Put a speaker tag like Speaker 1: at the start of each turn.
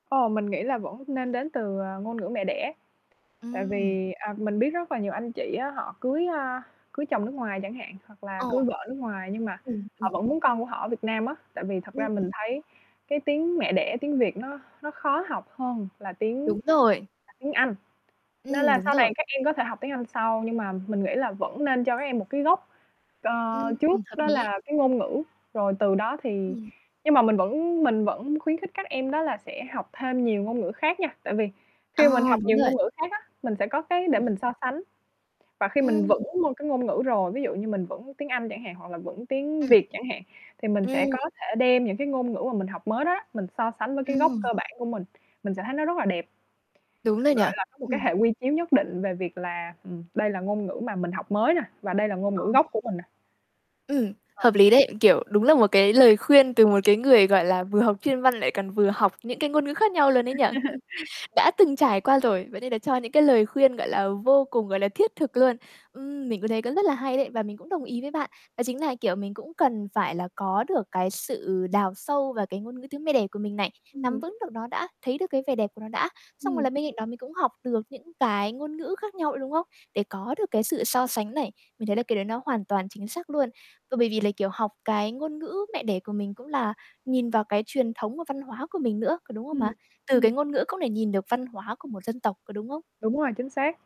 Speaker 1: Ồ, mình nghĩ là vẫn nên đến từ, ờ, ngôn ngữ mẹ đẻ. Tại
Speaker 2: Ừm.
Speaker 1: vì, à, mình biết rất là nhiều anh chị á, họ cưới, a, cưới chồng nước ngoài chẳng hạn, hoặc là cưới
Speaker 2: Ồ.
Speaker 1: vợ nước ngoài nhưng mà
Speaker 2: Ừm,
Speaker 1: họ
Speaker 2: ừm.
Speaker 1: vẫn muốn con của họ ở Việt Nam á. Tại vì thật ra
Speaker 2: Ừm.
Speaker 1: mình thấy cái tiếng mẹ đẻ, tiếng Việt nó nó khó học hơn là tiếng
Speaker 2: Đúng rồi.
Speaker 1: là tiếng Anh. Nên
Speaker 2: Ừm,
Speaker 1: là
Speaker 2: đúng
Speaker 1: sau này
Speaker 2: rồi.
Speaker 1: các em có thể học tiếng Anh sau. Nhưng mà mình nghĩ là vẫn nên cho các em một cái gốc c
Speaker 2: Ừm, ừm,
Speaker 1: trước
Speaker 2: hợp
Speaker 1: đó
Speaker 2: lý.
Speaker 1: là cái ngôn ngữ, rồi từ đó thì
Speaker 2: Ừm.
Speaker 1: nhưng mà mình vẫn mình vẫn khuyến khích các em đó là sẽ học thêm nhiều ngôn ngữ khác nha. Tại vì khi mình
Speaker 2: À,
Speaker 1: học
Speaker 2: đúng
Speaker 1: nhiều
Speaker 2: rồi.
Speaker 1: ngôn ngữ khác á, mình sẽ có cái để
Speaker 2: Ừm.
Speaker 1: mình so sánh. Và khi mình
Speaker 2: Ừm.
Speaker 1: vững môn cái ngôn ngữ rồi, ví dụ như mình vững tiếng Anh chẳng hạn hoặc là vững tiếng
Speaker 2: Ừm.
Speaker 1: Việt chẳng hạn thì mình sẽ
Speaker 2: Ừm.
Speaker 1: có thể đem những cái ngôn ngữ mà mình học mới đó đó, mình so sánh với cái gốc
Speaker 2: Ừm.
Speaker 1: cơ bản của mình, mình sẽ thấy nó rất là đẹp.
Speaker 2: Đúng rồi nhỉ.
Speaker 1: Gọi là, có một cái
Speaker 2: Ừm.
Speaker 1: hệ quy chiếu nhất định về việc là, ừm, đây là ngôn ngữ mà mình học mới nè, và đây là ngôn
Speaker 2: Ờ.
Speaker 1: ngữ gốc của mình nè.
Speaker 2: Ừm,
Speaker 1: Ờ.
Speaker 2: hợp lý đấy, kiểu, đúng là một cái lời khuyên từ một cái người, gọi là, vừa học chuyên văn lại còn vừa học những cái ngôn ngữ khác nhau luôn ấy nhỉ. Đã từng trải qua rồi, vậy nên là cho những cái lời khuyên, gọi là, vô cùng, gọi là, thiết thực luôn. Ừm, mình cũng thấy cũng rất là hay đấy và mình cũng đồng ý với bạn. Đó chính là, kiểu, mình cũng cần phải là có được cái sự đào sâu vào cái ngôn ngữ tiếng mẹ đẻ của mình này. Nắm
Speaker 1: Ừm.
Speaker 2: vững được nó đã, thấy được cái vẻ đẹp của nó đã, xong rồi
Speaker 1: Ừm.
Speaker 2: là bên cạnh đó mình cũng học được những cái ngôn ngữ khác nhau nữa đúng hông? Để có được cái sự so sánh này. Mình thấy là cái đấy nó hoàn toàn chính xác luôn. Và bởi vì là, kiểu, học cái ngôn ngữ mẹ đẻ của mình cũng là nhìn vào cái truyền thống và văn hóa của mình nữa, có đúng hông
Speaker 1: Ừm,
Speaker 2: mà? Từ cái
Speaker 1: ừm.
Speaker 2: ngôn ngữ cũng để nhìn được văn hóa của một dân tộc, có đúng hông?
Speaker 1: Đúng rồi, chính xác.